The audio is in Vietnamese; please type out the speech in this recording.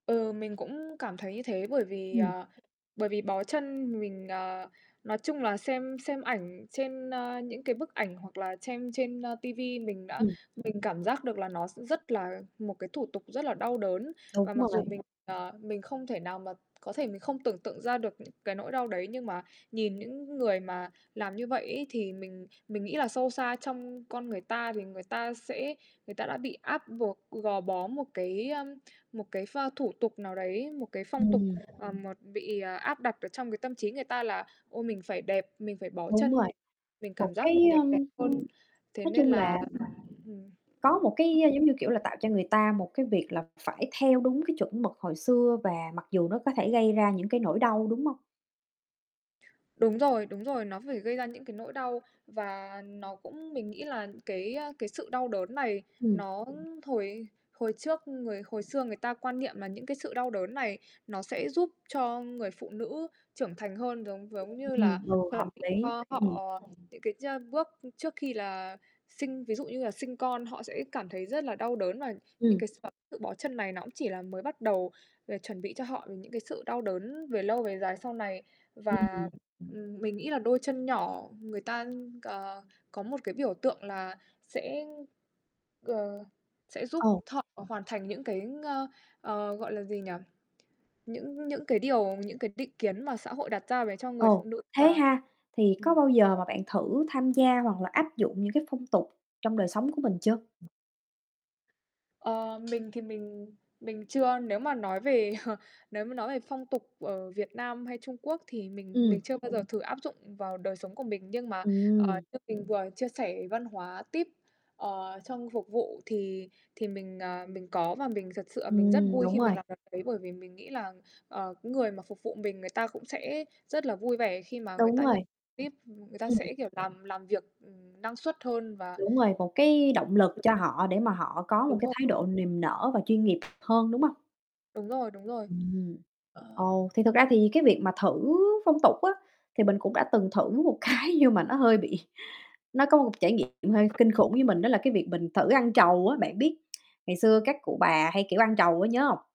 Ừ, mình cũng cảm thấy như thế, bởi vì, Ừm. ờ, bởi vì bó chân, mình, à nói chung là xem xem ảnh, trên, a, những cái bức ảnh hoặc là chem trên, a, ti vi, mình đã Ừm. mình cảm giác được là nó s rất là một cái thủ tục rất là đau đớn. Đúng Và mặc dù rồi. mình, ờ, mình không thể nào mà có thể mình không tưởng tượng ra được những cái nỗi đau đấy, nhưng mà nhìn những người mà làm như vậy ấy, thì mình mình nghĩ là sâu xa trong con người ta thì người ta sẽ người ta đã bị áp buộc, g gò bó một cái, ờm, một cái pho thủ tục nào đấy, một cái phong tục, Ừm. ờ, một ờ, bị, à, áp đặt ở trong cái tâm trí người ta là "Ôi, mình phải đẹp, mình phải bó Đúng chân rồi, mình, mình một cảm giác cái mình được đẹp ờm, hơn." Thế nói nên chung là là ừm. có một cái, ơ, giống như kiểu là, tạo cho người ta một cái việc là phải theo đúng cái chuẩn mực hồi xưa, và mặc dù nó có thể gây ra những cái nỗi đau, đúng hông? Đúng rồi, đúng rồi, nó phải gây ra những cái nỗi đau, và nó cũng mình nghĩ là cái, a, cái sự đau đớn này, Ừm. nó hồi y hồi trước người hồi xưa người ta quan niệm là những cái sự đau đớn này nó sẽ giúp cho người phụ nữ trưởng thành hơn. Giống giống như là, Ừm, vừa hợp chuẩn lý, cho ừm. họ những cái cha bước, ư, trước khi là sinh ví dụ như là sinh con, họ sẽ cảm thấy rất là đau đớn và những Ừm. cái x tự bó chân này nó cũng chỉ là mới bắt đầu là chuẩn bị cho họ về những cái sự đau đớn về lâu về dài sau này. Ừm, Và, ừm. ừm, mình nghĩ là đôi chân nhỏ, người ta c có một cái biểu tượng là sẽ, ờ, sẽ giúp Ồ. thọ hoàn thành những cái, ngơ, ờ, gọi là gì nhỉ? Những những cái điều những cái định kiến mà xã hội đặt ra về cho người phụ Ồ, nữ thế là ha? Thì ừm. có bao giờ mà bạn thử tham gia, hoặc là áp dụng những cái phong tục trong đời sống của mình chưa? Ờ. Mình thì mình mình chưa, nếu mà nói về nếu mà nói về phong tục ở Việt Nam hay Trung Quốc, thì mình mình Ừm. chưa bao giờ thử áp dụng vào đời sống của mình. Nhưng mà, ờ, Ừm. như mình vừa chia sẻ, văn hóa tip, ờ, trong phục vụ, thì thì mình, à, mình có. Và mình thật sự là mình rất Ừm, vui đúng khi mình rồi. làm c đấy, bởi vì mình nghĩ là, ờ, người mà phục vụ mình người ta cũng sẽ rất là vui vẻ khi mà người Đúng ta rồi. nhận tip ừm, người ta Ừm. sẽ, kiểu, làm làm việc, ừm, năng suất hơn và Đúng rồi, một cái động lực cho họ để mà họ có một Đúng cái rồi. thái độ niềm nở và chuyên nghiệp hơn, đúng không? Đúng rồi, đúng rồi. Ừm, Ờ ồ, thì thực ra thì cái việc mà thử phong tục á, thì mình cũng đã từng thử một cái, nhưng mà nó hơi bị nó có một trải nghiệm hơi kinh khủng với mình, đó là cái việc mình thử ăn trầu á. Bạn biết ngày xưa các cụ bà hay, kiểu, ăn trầu á, nhớ hông?